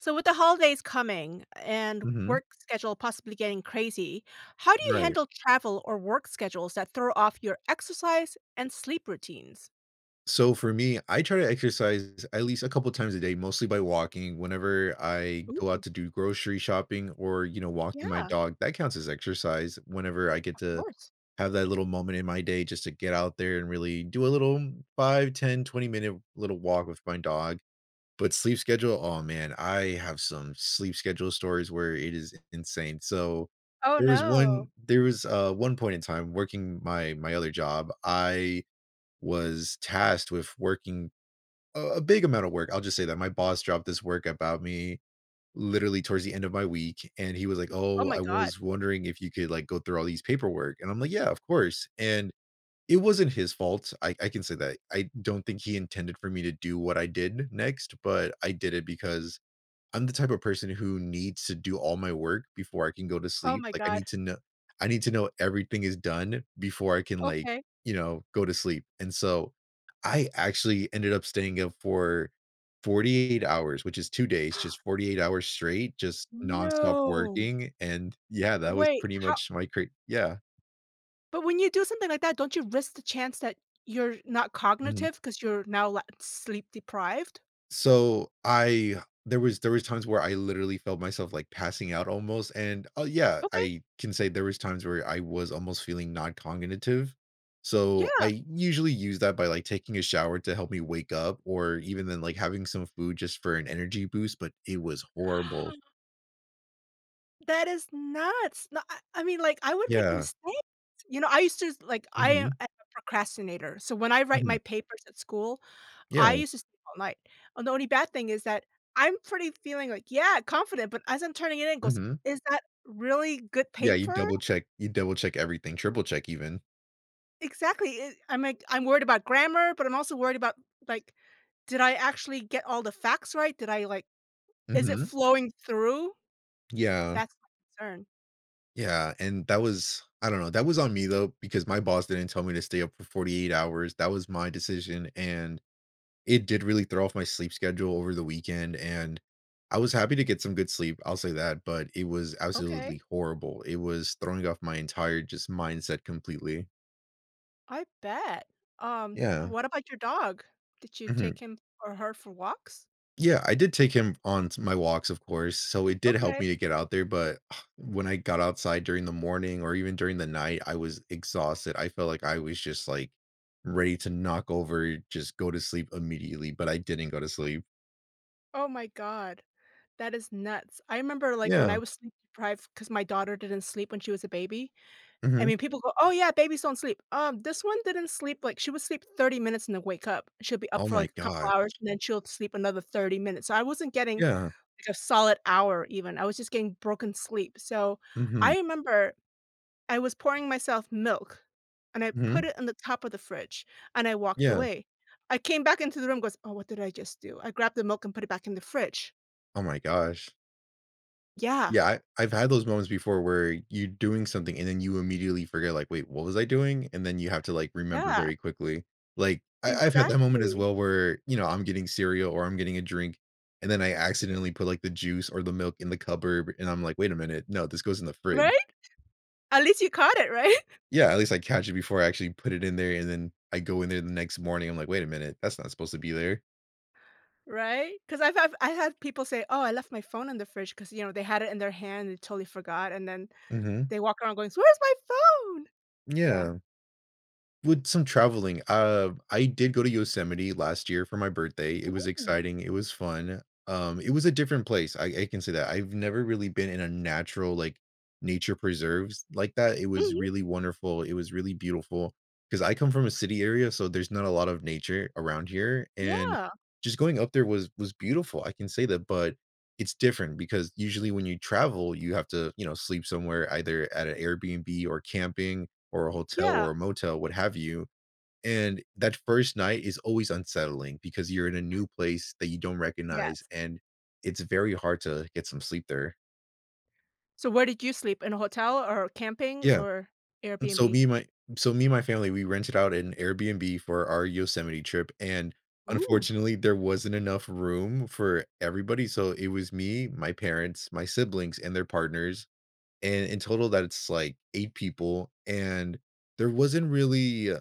So with the holidays coming and Mhm. work schedule possibly getting crazy, how do you Right. handle travel or work schedules that throw off your exercise and sleep routines? So for me, I try to exercise at least a couple times a day, mostly by walking. Whenever I go out Ooh. to do grocery shopping or, you know, walking my Yeah. dog, that counts as exercise. Whenever I get Of to course. have that little moment in my day just to get out there and really do a little 5, 10, 20 minute little walk with my dog. But sleep schedule, oh, man, I have some sleep schedule stories where it is i insane. So, Oh, there was one no. there was, uh, one point in time working my my other job. I was tasked with working a big amount of work- I'll just say that my boss dropped this work about me literally towards the end of my week. And he was like, Oh "Oh, my I god. was wondering if you could, like, go through all these paperwork?" And I'm like, "Yeah, of course." And, it wasn't his fault. I I can say that. I don't think he intended for me to do what I did next, but I did it because I'm the type of person who needs to do all my work before I can go to Oh sleep, my like, I god. need to kno I need to know everything is done before I can, like, Okay. you know, go to sleep, and so I actually ended up staying up for 48 hours, which is 2 days, just 48 hours straight, just nonstop No. working, and, yeah, that was Wait, pretty how much my cra yeah. But when you do something like that, don't you risk the chance that you're not Mhm. cognitive 'cause you're now la sleep deprived? So, I there was there was times where I literally felt myself, like, passing out almost, and Oh, yeah. Okay. I can say there was times where I was almost feeling noncognitive. So Yeah. I usually use that by, like, taking a shower to help me wake up or even then, like, having some food just for an energy boost, but it was horrible. That is nuts. No I I mean, like, I would make Yeah. mistakes. You know, I used to like, I am Mhm. I am a procrastinator, so when I write Mhm. my papers at school, I Yeah. used to sleep all night. And the only bad thing is that I'm pretty feeling like Yeah, confident. But, as I'm turning it in, goes, Mhm. "Is that really good Yeah, you paper?" double check you double check everything, triple check even. Exactly, i i I'm, like, I'm worried about grammar, but I'm also worried about, like, did I actually get all the facts right? Did I, like is it Mhm. flowing through? Yeah. That's my concern. Yeah. And that was I don't know. That was on me, though, because my boss didn't tell me to stay up for 48 hours. That was my decision, and it did really throw off my sleep schedule over the weekend. And I was happy to get some good sleep, I'll say that, but it was Okay. absolutely horrible. It was throwing off my entire just mindset completely. I bet. Um, Yeah. and what about your dog? Did you take Mhm. him or her for walks? Yeah. I did take him on t my walks, of course, so it did help Okay. me to get out there. But when I got outside during the morning or even during the night, I was exhausted. I felt like I was just, like, ready to knock over, just go to sleep immediately, but I didn't go to sleep. Oh my god. That is nuts. I remember, like, when Yeah. I was sleep-deprived, 'cause my daughter didn't sleep when she was a baby I Mhm. mean, people go, "Oh, yeah. Babies don't sleep." Um, this one didn't sleep like, she would sleep 30 minutes and then wake up. She'll be up Oh for my like a couple gosh. hours, and then she'll sleep another 30 minutes. So I wasn't getting Yeah. a solid hour, even. I was just getting broken sleep. So Mhm. I remember I was pouring myself milk, and I Mhm. put it on the top of the fridge, and I walked Yeah. away. I came back into the room, goes, "Oh, what did I just do?" I grabbed the milk and put it back in the fridge. Oh my gosh. Yeah. Yeah, I I've had those moments before where you doing something and then you immediately forget, like, "Wait, what was I doing?" And then you have to, like, remember Yeah. very quickly. Like, I I've had that moment as Exactly. well where, you know, I'm getting cereal or I'm getting a drink, and then I accidentally put, like, the juice or the milk in the cupboard, and I'm like, "Wait a minute. No, this goes in the frid" Right? At least you caught it. Right? Yeah, at least I catch it before I actually put it in there, and then I go in there the next morning. I'm like, "Wait a minute. That's not supposed to be there." Right? 'Cause I've have I've had people say, "Oh, I left my phone in the fridge," 'cause, you know, they had it in their hand and totally forgot, and then Mhm. they walk around going, "So where's my phone?" Yeah. Yeah. With some traveling, uh, I did go to Yosemite last year for my birthday. It was Ooh. exciting, it was fun. Um, it was a different place. I I can say that. I've never really been in a natural, like, nature preserves like that. It was Mhm. really wonderful. It was really beautiful. 'Cause I come from a city area, so there's not a lot of nature around here. And Yeah. just going up there was was beautiful. I can say that, but it's different because usually when you travel, you have to, you know, sleep somewhere, either at an Airbnb or camping or a hotel Yeah. or a motel, what have you. And that first night is always unsettling because you're in a new place that you don't recognize, Yes. and it's very hard to get some sleep there. So where did you sleep, in a hotel or camping Yeah. or And so Airbnb? me and my so me and my family, we rented out an Airbnb for our Yosemite trip, and, Ooh. unfortunately, there wasn't enough room for everybody. So it was me, my parents, my siblings, and their partners, and in total, that's, like, 8 people, and there wasn't really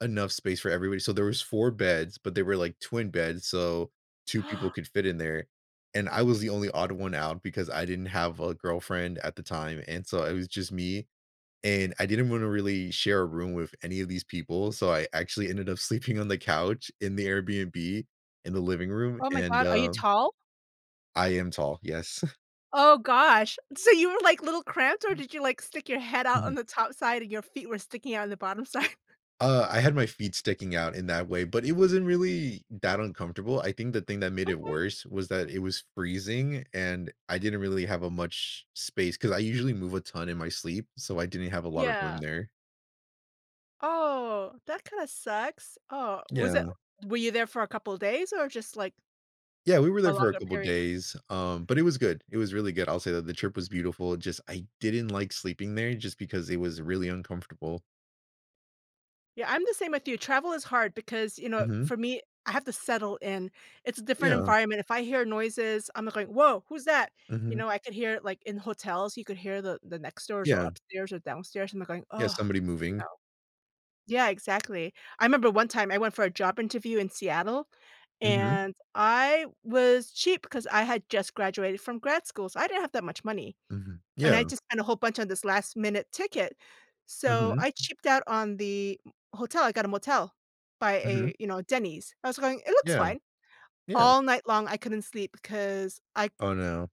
enough space for everybody. So there was 4 beds, but they were, like, twin beds, so 2 people could fit in there, and I was the only odd one out because I didn't have a girlfriend at the time, and so it was just me. And I didn't wanna really share a room with any of these people, so I actually ended up sleeping on the couch, in the Airbnb, in the living room, Oh my and, God, are you um tall? I am tall. Yes. Oh gosh, so you were, like, little cramped, or did you, like, stick your head out Mhm. on the top side and your feet were sticking out on the bottom side? Uh, I had my feet sticking out in that way, but it wasn't really that uncomfortable. I think the thing that made it Okay. worse was that it was freezing, and I didn't really have a much space, 'cause I usually move a ton in my sleep, so I didn't have a lot of room Yeah. there. Oh, that kinda sucks. Oh, was it Yeah. were you there for a couple of days or just like Yeah, we were a there for a longer couple period? days, um, but it was good. It was really good. I'll say that the trip was beautiful, it just I didn't like sleeping there just because it was really uncomfortable. Yeah, I'm the same with you. Travel is hard because, you know, Mhm. for me, I have to settle in. It's a different Yeah. environment. If I hear noises, I'm like going "Woah, who's that?" You Mhm. know, I could hear it, like, in hotels. You could hear the the next doors or Yeah. upstairs or downstairs and they're going, Yeah, "Ugh," somebody you moving. know. Yeah, exactly. I remember one time I went for a job interview in Seattle, Mhm. and I was cheap because I had just graduated from grad school, so I didn't have that much money. Mhm, And I yeah. just spent a whole bunch on this last minute ticket. So Mhm. I cheaped out on the hotel. I got a motel by Mhm. a, you know, Denny's. I was going, "It looks Yeah. fine." Yeah. All night long, I couldn't sleep because I c Oh, no.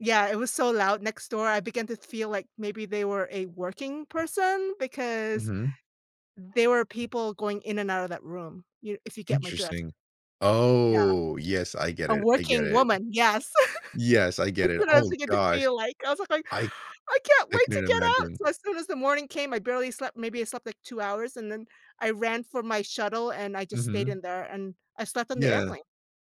Yeah, it was so loud next door. I began to feel like maybe they were a working person because Mhm. there were people going in and out of that room, you if you get my drift. Interesting. Yeah. Oh, yes, I get A it, I get working it. woman, yes. Yes, I get That's it. what I was Oh beginning to gosh. feel like. I was like going, I "I can't I wait to couldn't get out," imagine. so as soon as the morning came I barely slept, maybe I slept like 2 hours, and then I ran for my shuttle and I just stayed Mhm. in there and I slept on the Yeah. airplane.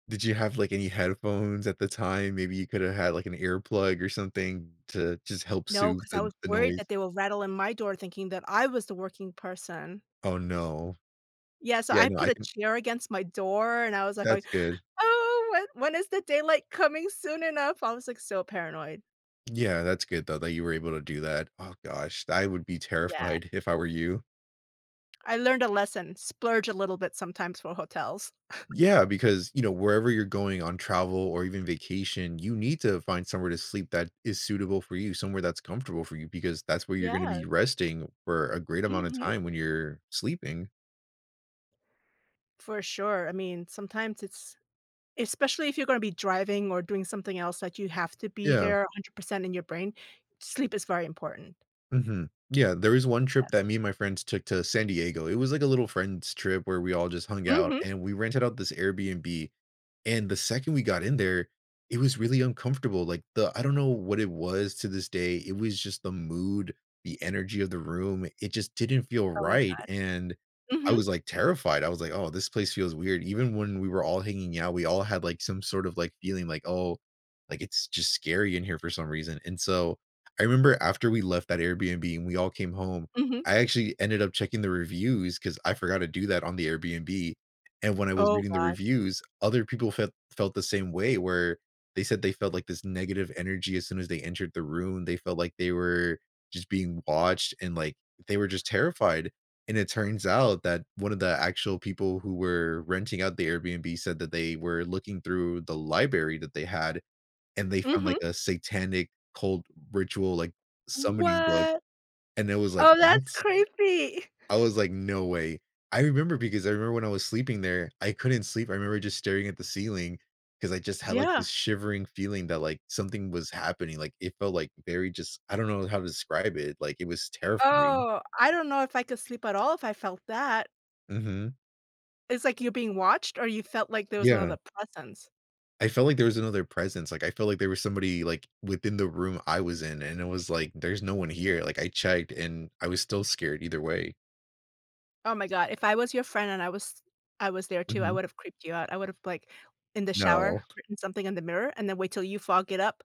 Did you have, like, any headphones at the time? Maybe you coulda had, like, an earplug or something to just help No, soothe 'cause I the was the worried noise. that they will rattle in my door thinking that I was the working person. Oh, no. Yeah, so Yeah, I no, put I a can chair against my door and I was like going, That's good. "Oh, when when is the daylight coming soon enough?" I was, like, so paranoid. Yeah, that's good though that you were able to do that. Oh gosh. I would be Yeah. terrified if I were you. I learned a lesson. Splurge a little bit sometimes for hotels. Yeah, because, you know, wherever you're going on travel or even vacation, you need to find somewhere to sleep that is suitable for you, somewhere that's comfortable for you because that's where you're gonna be Yes. resting for a great amount of Mhm. time when you're sleeping. For sure. I mean, sometimes it's especially if you're gonna be driving or doing something else that you have to be Yeah. there 100% in your brain, sleep is very important. Mhm. Yeah. There is one Yeah. trip that me and my friends took to San Diego. It was like a little friend's trip where we all just hung out, Mhm. and we rented out this Airbnb. And the second we got in there, it was really uncomfortable. Like, the I don't know what it was to this day. It was just the mood, the energy of the room. It just didn't feel Oh my right. And, god. I Mhm. was, like, terrified. I was, like, "Oh, this place feels weird." Even when we were all hanging out, we all had, like, some sort of, like, feeling like, "Oh, like, it's just scary in here for some reason." And so, I remember after we left that Airbnb and we all came home, Mhm. I actually ended up checking the reviews 'cause I forgot to do that on the Airbnb. And when I was Oh reading the gosh. reviews, other people felt felt the same way where they said they felt, like, this negative energy as soon as they entered the room. They felt like they were just being watched and, like, they were just terrified. And it turns out that one of the actual people who were renting out the Airbnb said that they were looking through the library that they had, and they found, like, Mhm. a satanic cold ritual, like, summoning book. What? And it was like, Oh, that's "What?" creepy. I was like, "No way." I remember because I remember when I was sleeping there, I couldn't sleep. I remember just staring at the ceiling 'cause I just had, like, Yeah. this shivering feeling that, like, something was happening, like, it felt, like, very just I don't know how to describe it. Like, it was terrifying. Oh, I don't know if I could sleep at all if I felt that. Mhm. It's like you're being watched, or you felt like there was Yeah. another presence? I felt like there was another presence, like, I felt like there was somebody, like, within the room I was in, and it was like, "There's no one here, like, I checked," and I was still scared either way. Oh my god, if I was your friend and I was I was there too, I Mhm. would've creeped you out. I would've, like, in the shower, No. written something in the mirror and then wait till you fog it up.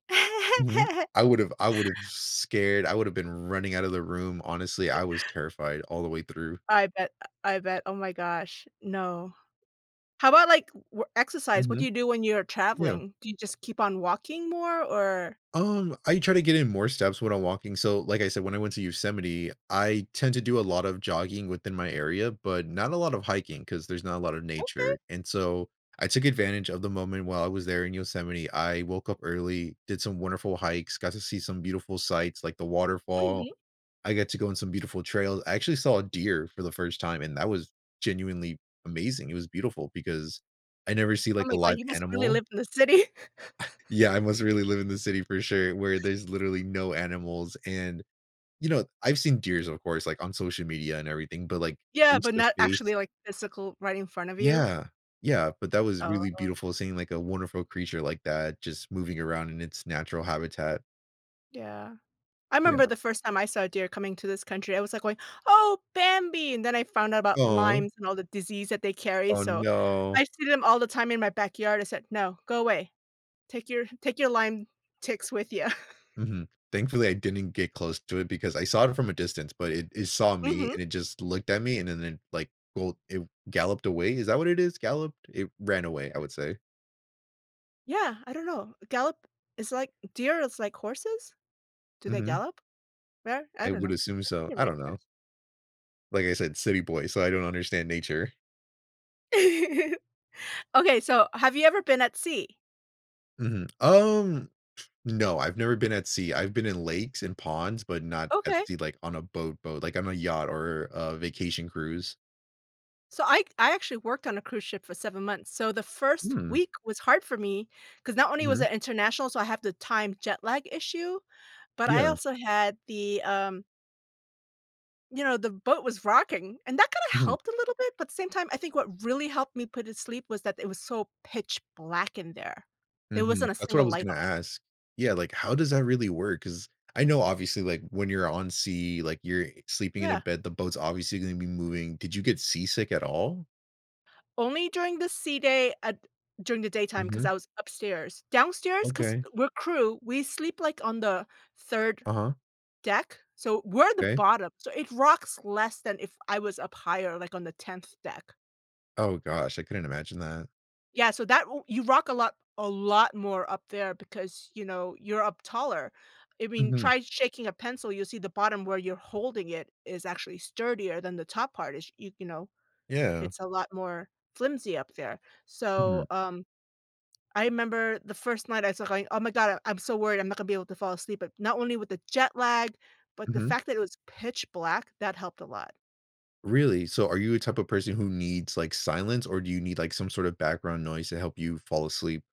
Mhm, I would've I would've scared I would've been running out of the room. Honestly, I was terrified all the way through. I bet, I I bet, oh my gosh. No. How about, like, w exercise? What do Mhm. you do when you're Yeah. traveling? Do you just keep on walking more? Or Um, I try to get in more steps when I'm walking. So, like I said, when I went to Yosemite, I tend to do a lot of jogging within my area, but not a lot of hiking 'cause there's not a lotta nature. Okay. And so I took advantage of the moment while I was there in Yosemite; I woke up early, did some wonderful hikes, got to see some beautiful sights like the waterfall. Mhm. I got to go on some beautiful trail, I actually saw a deer for the 1st time and that was genuinely amazing. It was beautiful because I never see, Oh like, a my live god, you must really animal. live in the city. Yeah, I must really live in the city for sure where there's literally no animals and, you know, I've seen deers, of course, like, on social media and everything, but, like, Yeah, but not face-to-face actually, like, physical right in front of you? Yeah. Yeah, but that was really Oh. beautiful seeing, like, a wonderful creature like that, just moving around in its natural habitat. Yeah. I remember Yeah. the first time I saw a deer coming to this country, I was like going, "Oh, Bambi" and then I found out about Aw. Lyme and all the disease that they carry, Oh, so no. I see them all the time in my backyard. I said, "No, go away. Take your take your Lyme ticks with ya." Mhm. Thankfully, I didn't get close to it because I saw it from a distance, but it it saw me Mhm. and it just looked at me and then it, like, bo it galloped away. Is that what it is? Galloped? It ran away, I would say. Yeah, I don't know. Gallop is like deer is like horses. Do they Mhm. gallop? They're I I don't would know. assume I think so, you're I right, don't know. yes. Like I said, city boy, so I don't understand nature. Okay, so have you ever been at sea? Mhm. Um, no. I've never been at sea. I've been in lakes and ponds, but not at Okay. sea, like, on a boat boat, like, on a yacht or a vacation cruise. So I I actually worked on a cruise ship for 7 months, so the 1st Hmm. week was hard for me 'cause not only was Mhm. it international, so I have the time jet lag issue, but I Yeah. also had the, um you know, the boat was rocking, and that kinda Mhm. helped a little bit. But the same time, I think what really helped me put it sleep was that it was so pitch black in there. There Mhm. wasn't a That's what I single was light gonna on. ask. Yeah, like, how does that really work? 'Cause I know, obviously, like, when you're on sea, like, you're sleeping in a Yeah. bed, the boat's obviously gonna be moving. Did you get seasick at all? Only during the sea day at during the daytime 'cause Mhm. I was upstairs. Downstairs 'cause Okay. we're crew, we sleep, like, on the 3rd Uh-huh. deck. So we're the 'Kay. bottom. So it rocks less than if I was up higher, like, on the 10th deck. Oh gosh, I couldn't imagine that. Yeah, so that u you rock a lot a lot more up there because, you know, you're up taller. I mean, Mhm. try shaking a pencil, you'll see the bottom where you're holding it is actually sturdier than the top part is, y you know, Yeah. it's a lot more flimsy up there. So, Mhm. um, I remember the 1st night I was going, "Oh my god, I'm so worried I'm not gonna be able to fall asleep at" not only with the jet lag, but the Mhm. fact that it was pitch black, that helped a lot. Really? So are you a type of person who needs, like, silence, or do you need, like, some sort of background noise to help you fall asleep?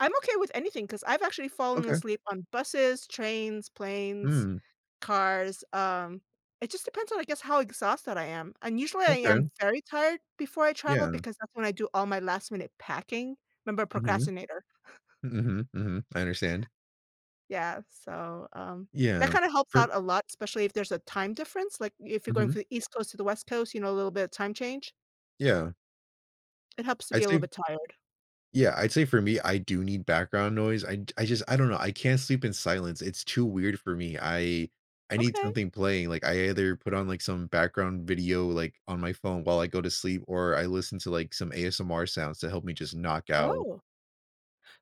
I'm okay with anything 'cause I've actually fallen Okay. asleep on buses, trains, planes, Mm. cars. Um, it just depends on, I guess, how exhausted I am. And usually I am Okay. very tired before I travel Yeah. because that's when I do all my last minute packing. 'Member Mhm. procrastinator. Mhm, mhm, I understand. Yeah, so, um, Yeah. that kinda helps For out a lot, especially if there's a time difference, like if you're going Mhm. from the East Coast to the West Coast, you know, a little bit of time change. Yeah. It helps to be I'd a little say bit tired. Yeah, I'd say for me, I do need background noise, I'd I just I don't know, I can't sleep in silence, it's too weird for me, I I need Okay. something playing, like, I either put on, like, some background video, like, on my phone while I go to sleep or I listen to, like, some ASMR sounds to help me just knock out. Oh.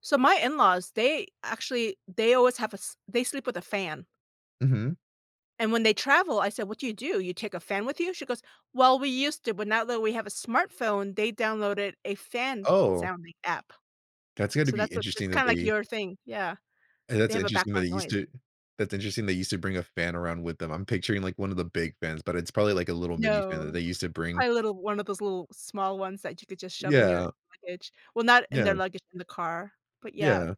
So, my in-laws, they actually they always have a s they sleep with a fan. Mhm. And, when they travel, I said, "What do you do, you take a fan with you?" She goes, "Well, we used to, but now that we have a smartphone," they downloaded a fan Oh sounding app. That's gonna So, be that's what it's interesting that kinda, like, they your thing, yeah. And that's They have a interesting that they background used noise. to that's interesting they used to bring a fan around with them, I'm picturing, like, one of the big fans, but it's probably, like, a little mini fan that No. they used to bring. Probably a little one of those little small ones that you could just shove in your Yeah. luggage. Well, not in Yeah. their luggage, in the car, but, yeah. Yeah.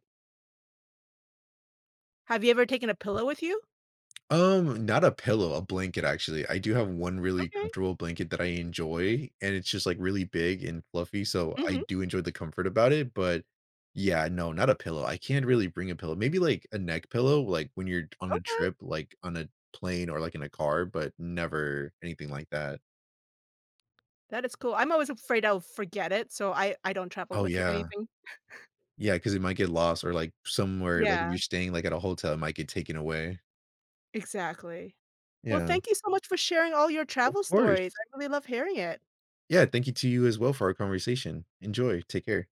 Have you ever taken a pillow with you? Um, not a pillow, a blanket, actually, I do have 1 really Okay. comfortable blanket that I enjoy, and it's just, like, really big and fluffy, so, I Mhm. do enjoy the comfort about it, but, yeah, no, not a pillow, I can't really bring a pillow, maybe, like, a neck pillow, like, when you're on a Okay. trip, like, on a plane or, like, in a car, but never anything like that. That is cool. I'm always afraid I'll forget it, so I I don't travel Oh, with yeah. anything. Yeah, 'cause it might get lost or, like, somewhere, like, if Yeah. you're staying, like, at a hotel, it might get taken away. Exactly. Well, Yeah. thank you so much for sharing all your Of travel course. stories, I really love hearing it. Yeah, thank you to you as well for our conversation. Enjoy. Take care.